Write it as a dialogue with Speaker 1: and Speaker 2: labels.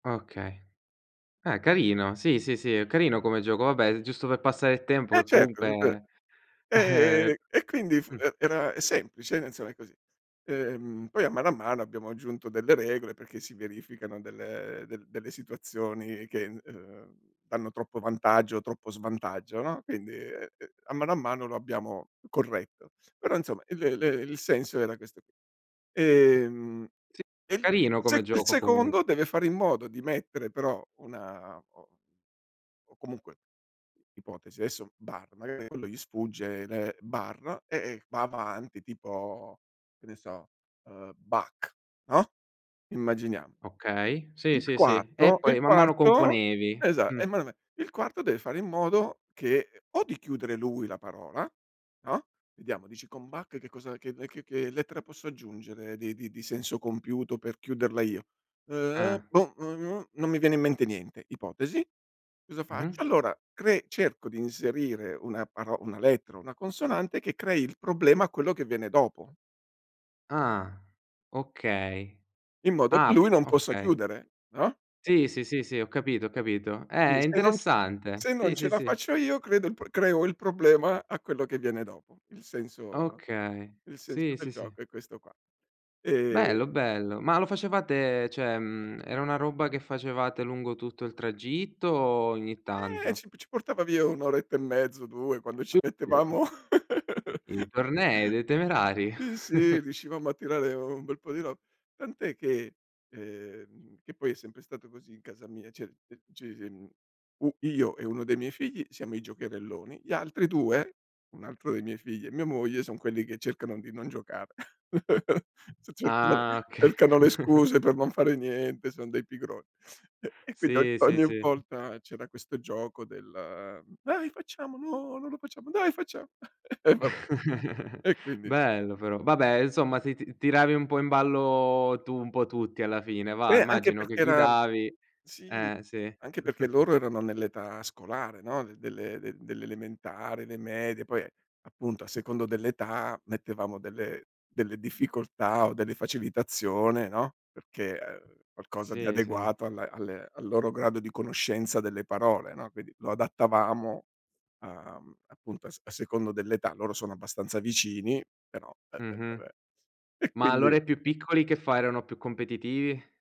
Speaker 1: Okay. Eh, carino. Sì, sì, sì. È carino come gioco. Vabbè, giusto per passare il tempo
Speaker 2: Eh,
Speaker 1: che
Speaker 2: certo. [unintelligible]
Speaker 1: comunque, uhm
Speaker 2: Ehm, e quindi fu
Speaker 1: Mh.
Speaker 2: e era è semplice, ed, insomma, è così. Ehm, poi, a mano a mano abbiamo aggiunto delle regole, perché si verificano delle del delle situazioni che, uhm, danno troppo vantaggio o troppo svantaggio, no, quindi a mano a mano lo abbiamo corretto. Però, insomma, il l il senso era questo qui. Ehm,
Speaker 1: Sì,
Speaker 2: e il il
Speaker 1: carino come
Speaker 2: sec il
Speaker 1: gioco comu
Speaker 2: secondo deve fare in modo di mettere però, una o o comunque Ipotesi: adesso, bar, magari quando gli sfugge le bar, e e va avanti tipo, che ne so, uhm, Bach, no, immaginiamo.
Speaker 1: Okay. Sì,
Speaker 2: Il
Speaker 1: sì, sì. E
Speaker 2: quatto il
Speaker 1: poi man mano
Speaker 2: quarto
Speaker 1: componevi.
Speaker 2: Esa
Speaker 1: Mh.
Speaker 2: [unintelligible] Il quarto deve fare in modo che o di chiudere lui la parola, no, vediamo, dici: “Con Bach che cosa che mhmm, che che lettera posso aggiungere di di di senso compiuto per chiuderla io?“
Speaker 1: Eh.
Speaker 2: “Uh-uh, boh, non mi viene in mente niente.“ Ipotesi: cosa
Speaker 1: Mh-mh.
Speaker 2: faccio? Allora, cre cerco di inserire una paro un lettera o una consonante che crei il problema a quello che viene dopo
Speaker 1: Ah. Okay.
Speaker 2: in modo che
Speaker 1: Ah, p
Speaker 2: lui non possa
Speaker 1: Okay.
Speaker 2: chiudere, no?
Speaker 1: Sì, sì, sì, sì. Ho capito, ho capito.
Speaker 2: Sì,
Speaker 1: Eh,
Speaker 2: se non c
Speaker 1: interessante.
Speaker 2: se non
Speaker 1: Sì,
Speaker 2: ce
Speaker 1: sì,
Speaker 2: la
Speaker 1: sì.
Speaker 2: faccio io, credo il pro creo il problema a quello che viene dopo. Il sen insomma,
Speaker 1: Okay.
Speaker 2: il senso
Speaker 1: Sì,
Speaker 2: del
Speaker 1: sì, sì.
Speaker 2: gioco è questo qua. Ehm
Speaker 1: Bello, bello. Ma lo facevate cioè, mhmm, era una roba che facevate lungo tutto il tragitto, o ogni
Speaker 2: Eh,
Speaker 1: tanto?
Speaker 2: ci p ci portava via 1 oretta e mezzo, o 2 quando ci mettevamo
Speaker 1: [unintelligible] I i tornei dei temerari.
Speaker 2: Sì, sì, riuscivamo a tirare un bel po' di ro tant'è che uhm, che poi è sempre stato così in casa mia, cioè, c uhm, ci si mhmm, u io e 1 dei miei figli siamo i giocherelloni, gli altri 2, un altro dei miei figli e mia moglie, son quelli che cercano di non giocare. C cercano, vabbè
Speaker 1: Ah, oka
Speaker 2: cercano le scuse per non fare niente, son dei pigron e e quind ogn
Speaker 1: Sì, sì,
Speaker 2: ogni
Speaker 1: sì.
Speaker 2: volta c'era questo gioco del: "Dai, facciamo." "No, non lo facciamo." "Dai faccia" E vabbè. E quindi
Speaker 1: Bello, però. Vabbè, insomma, se ti tiravi un po' in ballo tu, un po' tutti alla fine, va,
Speaker 2: Eh, anche
Speaker 1: immagino che
Speaker 2: perché era
Speaker 1: guidavi
Speaker 2: Sì.
Speaker 1: Eh, sì.
Speaker 2: Anche perché loro erano nell'età scolare, no, de delle de delle elementari, le medie, poi, appunto, a secondo dell'età mettevamo delle delle difficoltà, o delle facilitazione, no, perché uhm, qualcosa di
Speaker 1: Sì, sì.
Speaker 2: adeguato alla alle al loro grado di conoscenza delle parole, no, quindi lo adattavamo a mhm, appunto a s a secondo dell'età. Loro sono abbastanza vicini, però E e
Speaker 1: Mh-mh.
Speaker 2: vabbè. E,
Speaker 1: M,a
Speaker 2: quindi
Speaker 1: allora i più piccoli che fa, erano più competitivi?